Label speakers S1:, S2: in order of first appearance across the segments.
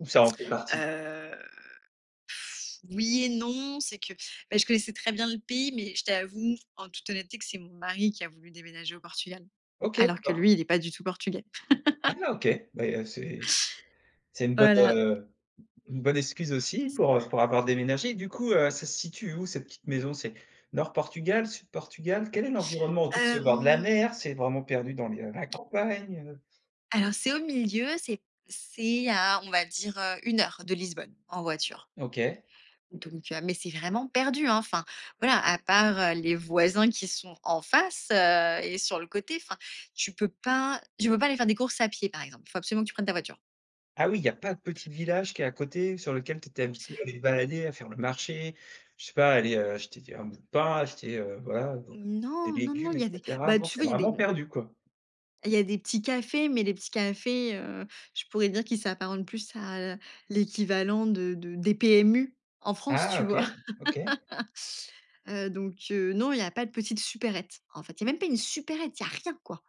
S1: Ou ça en fait partie?
S2: Heu, oui et non, c'est que, bah, je connaissais très bien le pays, mais je t'avoue, en toute honnêteté, que c'est mon mari qui a voulu déménager au Portugal
S1: OK,
S2: alors que
S1: d'accord.
S2: lui, il est pas du tout portugais.
S1: Ah, OK, bah, a c'est c'est une bonne,
S2: Voilà.
S1: heu, une bonne excuse aussi pour, heu, pour avoir déménagé. Du coup, heu, ça se situe où cette petite maison? C'est nord Portugal, sud Portugal? Quel est l'environnement autour? C'est au bord de la
S2: Hem.
S1: mer? C'est vraiment perdu dans les, heu, la campagne, heu?
S2: Alors, c'est au milieu, c'est c'est à, on va dire, heu, 1 heure de Lisbonne en voiture.
S1: OK.
S2: Donc heu, mais c'est vraiment perdu, hein. Enfin voilà, à part, heu, les voisins qui sont en face, heu, et sur le côté, enfin tu peux pas tu peux pas aller faire des courses à pied, par exemple. Faut absolument que tu prennes ta voiture.
S1: Ah oui, il y a pas de petite village qui est à côté sur lequel tu étais habituée à allée te balader, à faire le marché, je sais pas aller, heu, acheter d un bout de pain, acheter, heu, voilà,
S2: Mmh
S1: des
S2: non, non, non,
S1: légumes,
S2: il
S1: et
S2: y a des,
S1: cetera?
S2: bah
S1: Non,
S2: tu
S1: c'est
S2: vois, il y a des,
S1: vraiment
S2: mmh
S1: perdu, quoi.
S2: il y a des petits cafés, mais les petits cafés, heu, je pourrais dire qu'ils s'apparentent plus à, heu, l'équivalent de de des PMU en France,
S1: Ah
S2: tu
S1: OK.
S2: vois?
S1: OK.
S2: Heu, donc heu, non, il y a pas de petites supérettes. En fait, il y a même pas une supérette, il y a rien, quoi.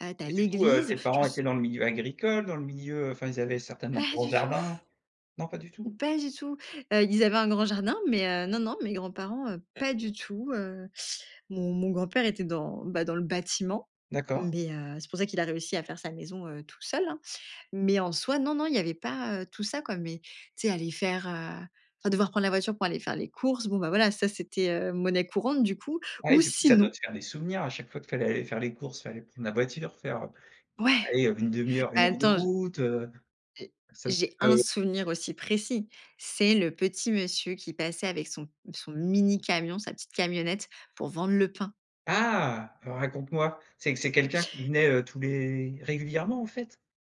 S2: Heu, tu as
S1: Et du coup, heu,
S2: l'église,
S1: tes
S2: je
S1: parents
S2: me su
S1: étaient dans le milieu agricole, dans le milieu enfin ils avaient certainement un
S2: Pas
S1: gros
S2: du tout.
S1: jardin, non, pas du tout?
S2: Mmh, pas du tout. Heu, ils avaient un grand jardin, mais heu, non, non, mes grands parents, heu, pas du tout, heu, mon mon grand-père était dans, bah, dans le bâtiment,
S1: D'accord.
S2: mais heu, c'est pour ça qu'il a réussi à faire sa maison, heu, tout seul, hein, mais en soi, non, non, il y avait pas, heu, tout ça, quoi, mais tu sais aller faire, heu, enfin, devoir prendre la voiture pour aller faire les courses, bon, ben, voilà, ça, c'était, heu, monnaie courante, du coup,
S1: Ah et
S2: ou
S1: du coup, ça doit
S2: sinon
S1: te faire des souvenirs à chaque fois qu'il fallait aller faire les courses, fallait prendre la voiture, faire, heu,
S2: Ouais,
S1: allez, heu, 1/2 heure,
S2: bah
S1: 1 heure de
S2: attends j
S1: route, heu,
S2: j'ai
S1: c'est un petit
S2: j'ai
S1: peu
S2: 1 souvenir aussi précis. C'est le petit monsieur qui passait avec son son mini camion, sa petite camionnette pour vendre le pain.
S1: Ah! Raconte-moi, c'est c'est quelqu'un qui venait, heu, tous les régulièrement, en fait?